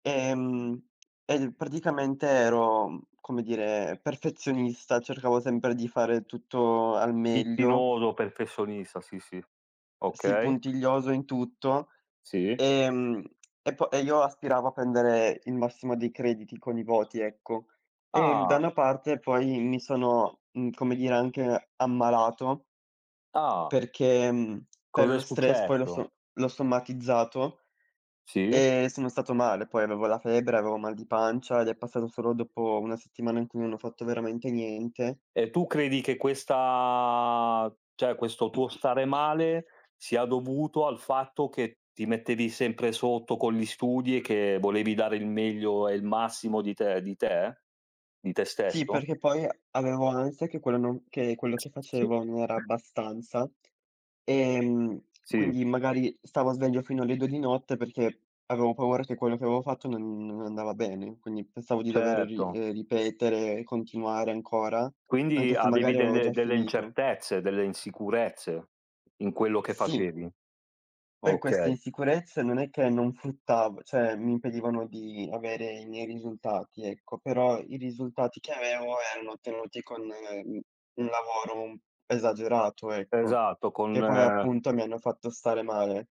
Ehm, e praticamente ero mhmm, come dire, perfezionista, cercavo sempre di fare tutto al meglio. Schizzinoso, perfezionista, sì, sì. Sì, Okay. puntiglioso in tutto, Sì. ehm, e po e io aspiravo a prendere il massimo dei crediti con i voti, ecco. E da Ah! una parte poi mi sono mhmm, come dire, anche ammalato Ah. perché mhmm, per Cos'è lo stress, poi l'ho successo? so l'ho somatizzato Sì. e sono stato male. Poi avevo la febbre, avevo mal di pancia ed è passato solo dopo 1 settimana in cui non ho fatto veramente niente. E tu credi che questa cioè, questo tuo stare male, sia dovuto al fatto che ti mettevi sempre sotto con gli studi e che volevi dare il meglio e il massimo di te di te? Di te Sì, stesso? perché poi avevo ansia che quello non che quello che facevo non era abbastanza, ehm, Sì. quindi magari stavo sveglio fino alle 2 di notte perché avevo paura che quello che avevo fatto non non andava bene, quindi pensavo di dover ri Certo. ehm, ripetere e continuare ancora, Quindi anche se avevi magari avevo già delle delle finito. incertezze, delle insicurezze in quello che Sì. facevi. Poi queste Okay. insicurezze non è che non fruttav cioè, mi impedivano di avere i miei risultati, ecco, però i risultati che avevo erano ottenuti con, mhmm, un lavoro un esagerato, ecco, Esatto, che con poi appunto mi hanno fatto stare male.